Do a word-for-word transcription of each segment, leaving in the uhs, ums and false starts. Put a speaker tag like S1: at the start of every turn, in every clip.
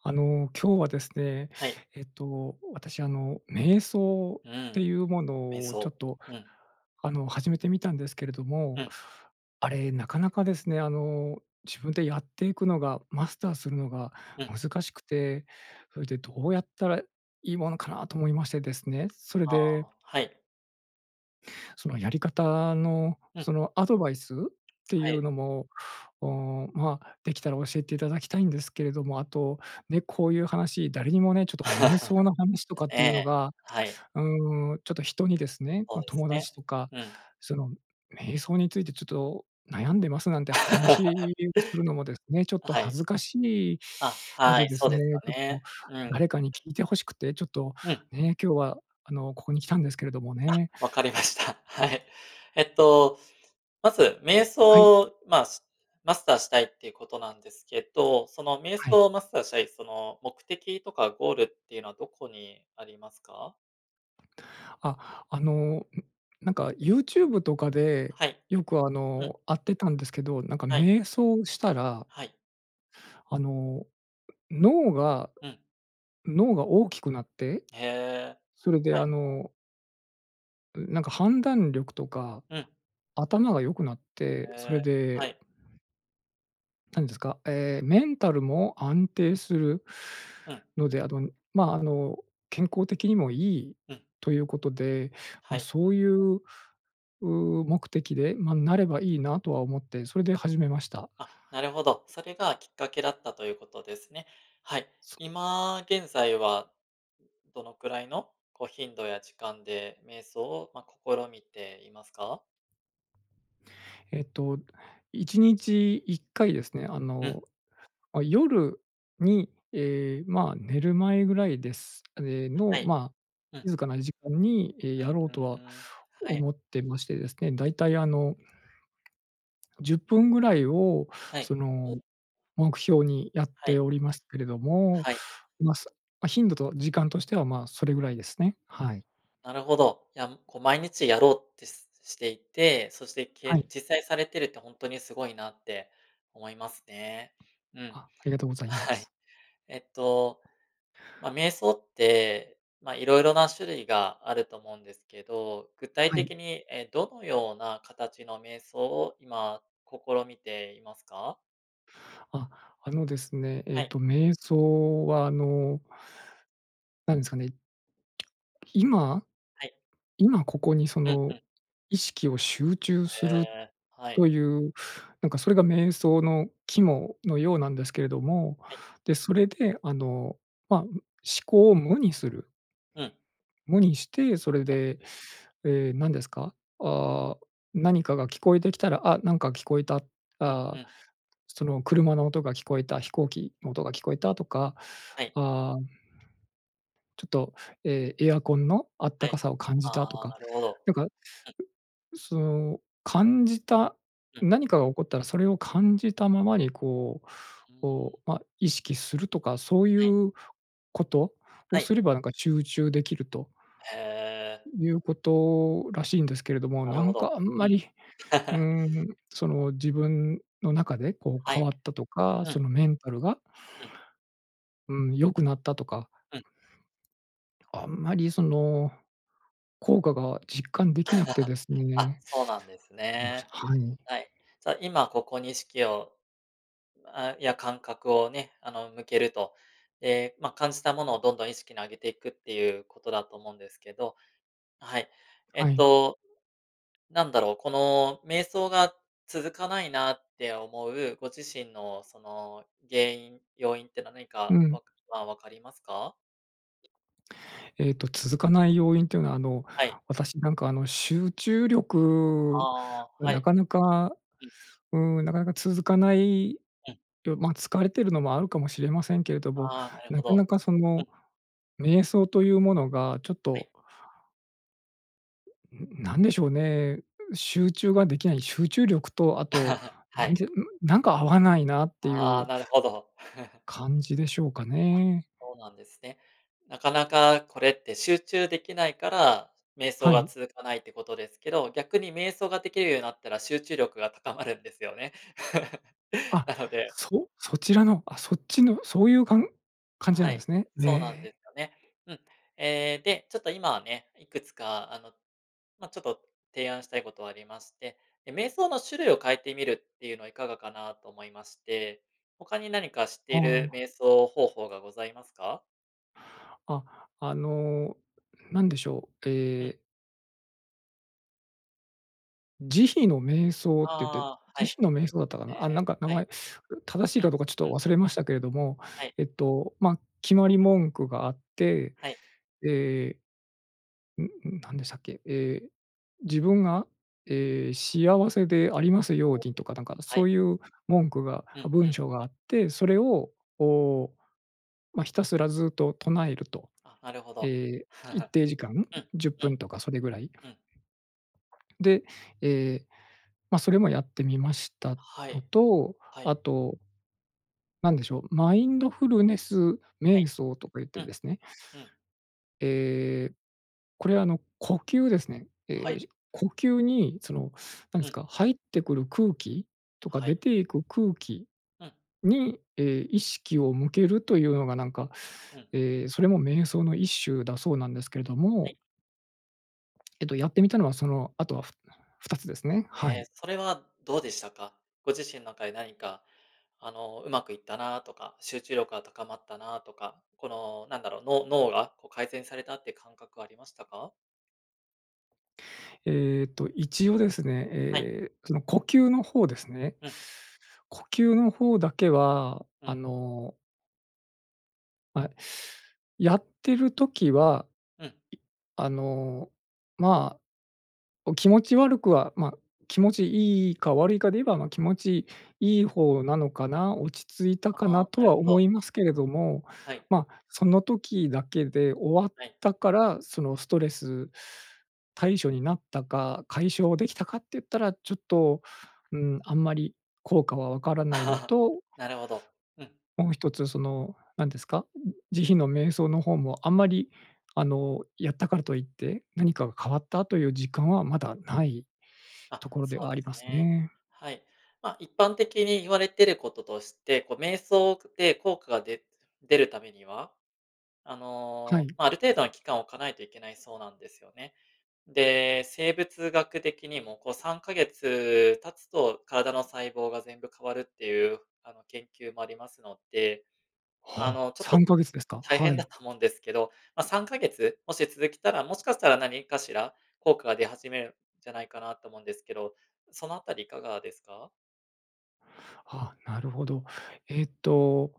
S1: あの、今日はですね、
S2: はい。
S1: えっと、私、あの、瞑想
S2: う
S1: って
S2: ん、
S1: いうも
S2: 瞑
S1: のをちょ
S2: 想、
S1: っと、
S2: うん。
S1: あの、始めてみたんですけれど
S2: う
S1: も、
S2: ん。
S1: あれなかなかですね、あの、自分でやっていくのが、マスターするのが
S2: うん。
S1: 難しくて、そいでどうやったらいいものかなと思いましてですね、それ
S2: あ
S1: で
S2: あ、はい。
S1: そのやり方の、
S2: うん。
S1: そのアドバイス？ってい
S2: は
S1: う
S2: い。
S1: のも、おまあ、できたら教えていただきたいんですけれども、あと、ね、こういう話誰にもね、ちょっと瞑想の話とかっ
S2: え
S1: ていうの
S2: え、
S1: が、
S2: はい。
S1: うーん、ちょっと人にですね、
S2: ほう
S1: ま、
S2: です
S1: 友
S2: ね、
S1: 達とか、
S2: うん。
S1: その「瞑想についてちょっと悩んでます」なんて話 をするのもですね、ちょっ
S2: あ、
S1: と
S2: はい。
S1: 恥ずかしい
S2: あ、
S1: の
S2: は
S1: で
S2: い、
S1: で
S2: そう
S1: す
S2: です
S1: ね、
S2: か
S1: ちょっ
S2: ね。
S1: と
S2: うん。
S1: 誰かに聞いて欲しくてちょっと
S2: うん。
S1: ね、今日は、あの、ここに来たんですけれども
S2: あ、
S1: ね。
S2: 分かりました、はい。えっと、まず瞑
S1: はい。
S2: 想、まあ、しマスターしたいっていうことなんですけど、その瞑
S1: はい。
S2: 想マスターしたいその目的とかゴールっていうのはどこにありますか？
S1: あ、あの、ん、なんか YouTube とかで
S2: はい、
S1: よくあ
S2: うん。
S1: の、あってたんですけど、なんか
S2: はい。
S1: 瞑想したら
S2: はい。
S1: あの脳が
S2: うん。
S1: 脳が大きくなって、
S2: へ、
S1: それで
S2: は
S1: あ
S2: い。
S1: のう、なんか判断力とか、
S2: うん。
S1: 頭が良くなって、それ
S2: へ、
S1: で
S2: はい。
S1: 何ですか、え、メンタルも安定する
S2: うん。
S1: ので、あの、ま、あの、健康的にもいい
S2: うん。
S1: ということで、
S2: は
S1: ま、
S2: い。
S1: そういう、う、目的で、ま、なればいいなとは思って、それで始めました。
S2: あ、なるほど、それがきっかけだったということですね。はい、
S1: そ
S2: 今現在は、どのくらいのこう頻度や時間で瞑想を、ま、試みていますか？
S1: えっと、いちにちいっかいですね、あ
S2: うん。
S1: の、あ、夜に、え、ま、寝る前ぐらいです、え、
S2: あ、
S1: の、
S2: はい。
S1: ま、
S2: うん。
S1: 静かな時間に、え、
S2: う
S1: やろう
S2: う
S1: とは
S2: ーん、はい。
S1: 思ってましてですね、だいたいあのじゅっぷんぐらいを、
S2: は
S1: そ
S2: い、
S1: の
S2: お
S1: 目標にやっ
S2: は
S1: て
S2: い。
S1: おりますけれども、
S2: はい。
S1: ま、そ、ま、頻度と時間としては、ま、それぐらいですね。はい。
S2: なるほど、いや、こう毎日やろうってしていて、そして
S1: は
S2: け
S1: い。
S2: 実際されてるって本当にすごいなって、思いますね。うん。
S1: あ、ありがとうございま
S2: は
S1: す。
S2: い。えっと、ま、瞑想って、ま、色々な種類があると思うんですけど、具体
S1: はい。
S2: 的に、え、どのような形の瞑想を今、試みていますか？
S1: あ、あのですね、え
S2: は
S1: っ
S2: い。
S1: と瞑想はあのなんですかね。今
S2: はい。
S1: 今ここにそ
S2: うんう
S1: の
S2: ん。
S1: 意識を集中す
S2: へ
S1: る
S2: え、は
S1: と
S2: い。
S1: いう、なんかそれが瞑想の肝のようなんですけれども、
S2: はい。
S1: で、それであの、まあ、ん、思考を無にする。
S2: うん。
S1: 無にして、それ
S2: うん。
S1: で、ええ、何ですか。あ、何かが聞こえてきたら、あ、なんか聞こえた。あ
S2: うん、ふ
S1: あ、
S2: ん。
S1: その車の音が聞こえた飛行機の音が聞こえたとか、
S2: はい。
S1: ああ。ちょっと、ええ。エアコンのあった
S2: は
S1: か
S2: い。
S1: さを感
S2: あ
S1: じたと
S2: あ、
S1: か、
S2: なるほど。
S1: なんか
S2: うん。
S1: その感じた
S2: うん。
S1: 何かが起こったらそれを感じたままにこう
S2: うー
S1: こ
S2: ん。
S1: う、ま、意識するとかそうい
S2: はい。
S1: うことを
S2: はい。
S1: すればなんか集中できると
S2: へえ。
S1: いうことらしいんですけれども、
S2: な
S1: な
S2: るほ
S1: ん
S2: ど。
S1: かあん
S2: う
S1: ま
S2: ん。
S1: り、ん、その自分の中でこう
S2: は
S1: 変
S2: い。
S1: わったとか
S2: う
S1: そ
S2: ん。
S1: のメンタルが。
S2: うん。
S1: うん。良くなったとか。
S2: うん。
S1: あんまり、その効果が実感できなくてです
S2: あ、
S1: ね。
S2: そうなんです
S1: もしゃ
S2: ね。
S1: はい。
S2: はい。じゃあ、今ここに意識をあ、や感覚をね、あの、向けると、ええ、ま、感じたものをどんどん意識に上げていくっていうことだと思うんですけど、はい。え
S1: は
S2: っ
S1: い。
S2: と、なんだろうこの瞑想が続かないなって思うご自身のその原因、要因って何か
S1: う
S2: は
S1: ん。
S2: わかまあ、分かりますか？
S1: えっと、続かない要因というのは、あの、
S2: はい。
S1: 私なんかあの、集中力、
S2: ああ。
S1: ん、
S2: は
S1: な
S2: い。
S1: かなか
S2: うん。
S1: うん。なかなか続かない、
S2: うん。
S1: よ、まあ、疲れているのもあるかもしれませんけれども、
S2: ああ。なる
S1: な
S2: ほ
S1: かな
S2: ど。
S1: かそ
S2: うん。
S1: の瞑想というものがちょっ
S2: は
S1: と。
S2: い。
S1: うん、ん、なんでしょうね、う集中ができない、集中力と、あと、な
S2: は
S1: ん
S2: い。
S1: てうん、なんか合わないなってい
S2: ああ、
S1: う
S2: なるほど。
S1: 感じでしょうかね？
S2: そうなんですね。なかなかこれって集中できないから、瞑想
S1: は
S2: が
S1: い。
S2: 続かないってことですけど、逆に瞑想ができるようになったら、集中力が高まるんですよね？
S1: あ、
S2: なので
S1: そう、そちらの、あ、そっちの、そういうかん感じな
S2: は
S1: んで
S2: い、
S1: すね。
S2: そうなんで
S1: ね。
S2: すよね。うん。ええ、で、ちょっと今はね、いくつかあの、まあ、ちょっと提案したいことありまして。え、瞑想の種類を変えてみるっていうのはいかがかなと思いまして。他に何か知って
S1: あ
S2: いる
S1: あ。
S2: 瞑想方法がございますか？
S1: あ、あの、何でしょう、
S2: う
S1: え
S2: ん。
S1: え。慈悲の瞑想っていって
S2: ああ、はい。
S1: 慈悲の
S2: へ
S1: 瞑想だったかな？あ、なん
S2: え、
S1: か名
S2: はい。
S1: 前、正し
S2: う
S1: いか
S2: ん、
S1: どうかちょっ
S2: う
S1: と
S2: ん。
S1: 忘れましたけれども。
S2: はい。
S1: えっと、まあ、決まり文句があって、
S2: はい。
S1: え、んん、なんでしたっけ？え、自分が、え、幸せでありますよう
S2: おう、お、
S1: にとか、なんか
S2: は
S1: そ
S2: い。
S1: ういう文句が、
S2: うん
S1: あ、
S2: う
S1: 文
S2: ん。
S1: 章があって、それをを、まあ、ひたすらずっと唱えると。
S2: あ、なるほど、
S1: え、一 定時間？ん？
S2: うん、
S1: じゅっ
S2: う
S1: ぷん
S2: ん。
S1: とかそれぐらい。
S2: うん。
S1: で、ええ、ま、それもやってみました
S2: は
S1: の
S2: い、
S1: と、
S2: はい。
S1: あとなんでしょう？マインドフルネス
S2: はい、
S1: 瞑想とか言って
S2: うん、
S1: ですね
S2: うん。
S1: ええ、これは、あの、呼吸ですね。
S2: は
S1: ええ、
S2: い。
S1: じ呼吸にそのなんで
S2: う
S1: す
S2: ん。
S1: か、入ってくる空気？とか
S2: は
S1: 出
S2: い。
S1: ていく空気
S2: うん。
S1: に、え、意識を向けるというのがなんか、
S2: うん。
S1: ええ、それも瞑想の一種だそうなんですけれど
S2: はい。
S1: も。えっと、やってみたのは、その後は、ふふたつですね。
S2: へ
S1: はい。
S2: え、それはどうでしたか？ご自身の中で何か、あの、うまくいったなとか、集中力が高まったなとか、このなんだろう、脳脳がこう改善されたって感覚はありましたか？
S1: えっと、一応ですね、
S2: はい。
S1: ええ、その呼吸の方ですね。
S2: うん。
S1: 呼吸の方だけは、
S2: う
S1: あ
S2: ん。
S1: のあ、やってる時は、い
S2: うん。
S1: あの、ま、お気持ち悪くは、ま、気持ちいいか悪いかで言えば、ま、気持ちいい方なのかな？落ち着いたかな？
S2: ああ、
S1: と
S2: な
S1: は
S2: るほ
S1: 思
S2: ど。
S1: いますけれども、
S2: はい。
S1: ま、その時だけで終わっ
S2: はい。
S1: たから、そのストレス対処になったか、解消できたかっていったら、ちょっと、うん、あんまり効果はわからないの と
S2: なるほど、うん。
S1: もう一つその、なんですか、慈悲の瞑想の方もあんまり、あの、やったからといって、何かが変わったという実感はまだない
S2: あ、
S1: ところで
S2: そう
S1: はあ
S2: で
S1: り
S2: す
S1: ます
S2: ね。
S1: ね。
S2: はい。ま、一般的に言われてることとして、こう瞑想くで効果が出出るためには、あ
S1: は
S2: の、
S1: い。
S2: ま、ある程度の期間を置かないといけないそうなんですよね。で、生物学的にも、こうさんかげつ経つと、体の細胞が全部変わるっていう、あの、研究もありますので、あ
S1: は
S2: の、
S1: あ、
S2: ちょっ
S1: さ
S2: と
S1: んかげつですか？
S2: 大
S1: は
S2: 変だ
S1: い。
S2: と思うんですけど、ま、さんかげつ、もし続けたら、もしかしたら何かしら効果が出始めるんじゃないかなと思うんですけど、そのあたりいかがですか？
S1: あ、なるほど。えっと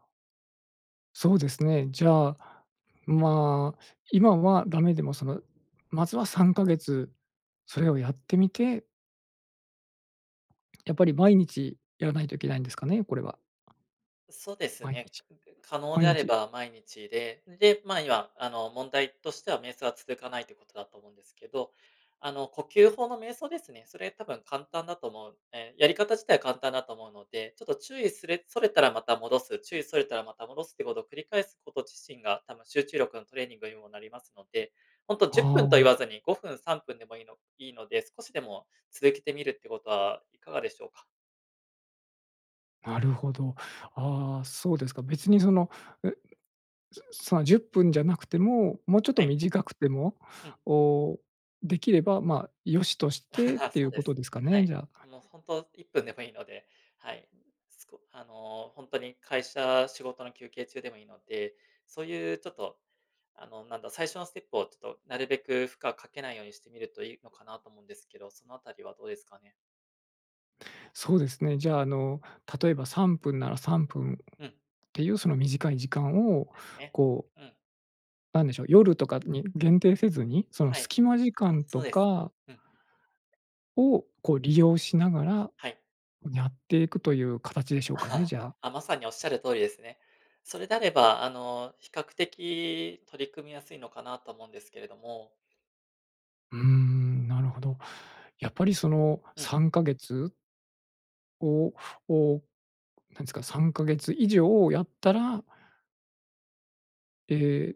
S1: そうですね。じゃあ、まあ、今はダメでも、その、まずはさんかげつ、それをやってみてやっぱり毎日やらないといけないんですかね？これは。
S2: そうです
S1: 毎
S2: ね、
S1: 日
S2: くで可能
S1: 毎
S2: であれ
S1: 日
S2: ば毎日で。で、まあ、今あの、問題としては瞑想は続かないということだと思うんですけど。あの、呼吸法の瞑想ですね、それ多分簡単だと思うんで。やり方自体は簡単だと思うので、ちょっと注意すれそれたらまた戻す、注意それたらまた戻すっていうことを繰り返すこと自身が、多分集中力のトレーニングにもなりますので。ほんとじゅっぷ
S1: あ
S2: んと言
S1: あ。
S2: わずに、ごふん、さんぷんでもいいのいいので、少しでも、続けてみるってことはいかがでしょうか？
S1: なるほど。ああ、そうですか。別にその、うすうそのじゅっぷんじゃなくても、もうちょっと
S2: はい。
S1: 短くても、
S2: うん。
S1: おお、出来れば、ま、良しとしてっ てい
S2: そう
S1: う
S2: で
S1: こと
S2: す。
S1: ですか
S2: は
S1: ね、
S2: い。
S1: じゃあ、はい
S2: もうほんと、いっぷんでもいいので、はい。すこあの、ほんとに会社、仕事の休憩中でもいいので、そういうちょっと、あの、なんだ、最初のステップをちょっと、なるべく負荷かけないようにしてみるといいのかなと思うんですけど、そのあたりはどうですかね？
S1: そうですね。じゃあ、あの例えばさんぷんならさんぷんっ
S2: うん。
S1: ていうその短い時間を
S2: そうですね、
S1: こう
S2: うん。
S1: なんでしょう。夜とかに限定せずに、その
S2: はい。
S1: 隙間時
S2: あ、
S1: 間
S2: そ
S1: と
S2: うです。
S1: か
S2: うん。
S1: を、こう利用しながら
S2: はい。
S1: やっていくという形でしょうかね、じゃあ。
S2: あ、まさにおっしゃる通りですね。それであれば、あの、比較的取り組みやすいのかなと思うんですけれども。
S1: うーん、なるほど。やっぱりその
S2: うん。
S1: さんかげつをを、何ですか、さんかげつ以上やったらええ、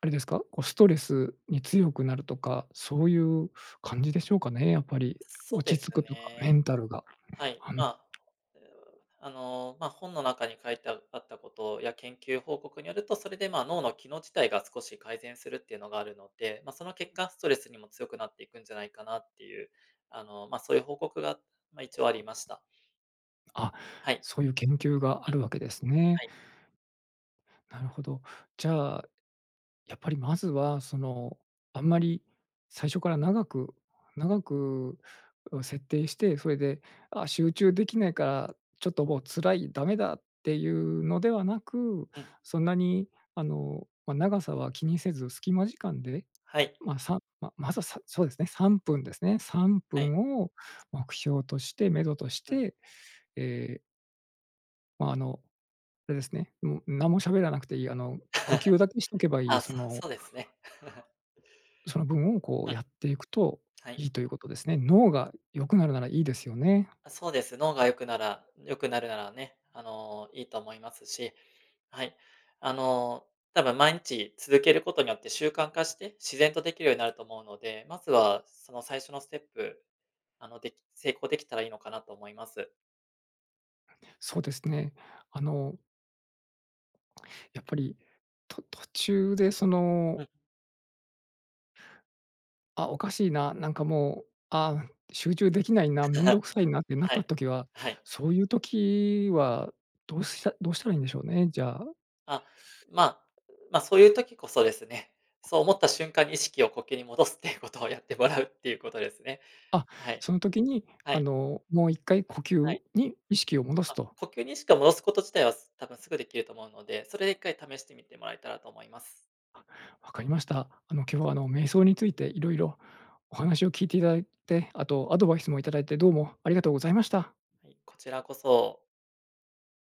S1: あれですか？こうストレスに強くなるとか、そういう感じでしょうかね、やっぱり。
S2: そうで
S1: 落ち
S2: す
S1: 着くとかメ
S2: ね。
S1: ンタルが。
S2: はい、
S1: は
S2: ま
S1: ん。
S2: あ、うあの、まあ、本の中に書いてああったことや研究報告によると、それで、まあ、脳の機能自体が少し改善するっていうのがあるので、まあ、その結果ストレスにも強くなっていくんじゃないかなっていう、あの、まあ、そういう報告が、まあ一応ありました。
S1: あ、
S2: はい。
S1: そういう研究があ
S2: うん。
S1: るわけですね。
S2: はい。
S1: なるほど。じゃあ、やっぱりまずは、その、あんまり最初から長く長くを設定して、それで、あ、集中できないか、ちょっともう辛い、ダメだっていうのではなく、
S2: うん。
S1: そんなにあの、ま、長さは気にせず、隙間時間で、
S2: はい。
S1: まあ、さままずはさそうですね、さんぷんですね。さんぷ
S2: はい。
S1: んを目標として目処とし
S2: うん。
S1: て、ええま、あの、あれですね。んも、何も喋らなくていい、あの、呼吸 だけにしとけばいい、
S2: あ、
S1: そ
S2: そう
S1: の
S2: そうですね。
S1: その分をこ
S2: う
S1: う、
S2: ん。
S1: やっていくと
S2: はい。
S1: いいということですね。脳が良くなるならいいですよね。
S2: あ、そうです。脳が良くなら良くなるならね。あの、いいと思いますし、はい。あの、多分毎日続けることによって習慣化して、自然と出来るようになると思うので、まずはその最初のステップ、あの、でき成功出来たらいいのかなと思います。
S1: そうですね。あのやっぱり、と途中でその
S2: うん。
S1: あ、おかしいな。なんかもう、あ、集中出来ないな、面 倒くさいなってなっ
S2: は
S1: た
S2: い、
S1: 時は、
S2: はい。
S1: そういう時はどうしたどうしたらいいんでしょうね。じゃあ。
S2: あ、まあ、まあ、そういう時こそですね。そう思った瞬間に意識を呼吸に戻すっていうことをやってもらうっていうことですね。
S1: あ、
S2: はい。
S1: その時に、
S2: は
S1: あ
S2: い。
S1: の、もういっかい呼
S2: は
S1: 吸
S2: い。
S1: に意識を戻す
S2: あ、
S1: と。
S2: 呼吸にしか戻すこと自体はす多分すぐ出来ると思うので、それでいっかい試してみてもらえたらと思います。
S1: あ、分かりました。あの、今日はあの、瞑想について色々お話を聞いていただいて、あとアドバイスもいただいて、どうもありがとうございました。
S2: はい、こちらこそ。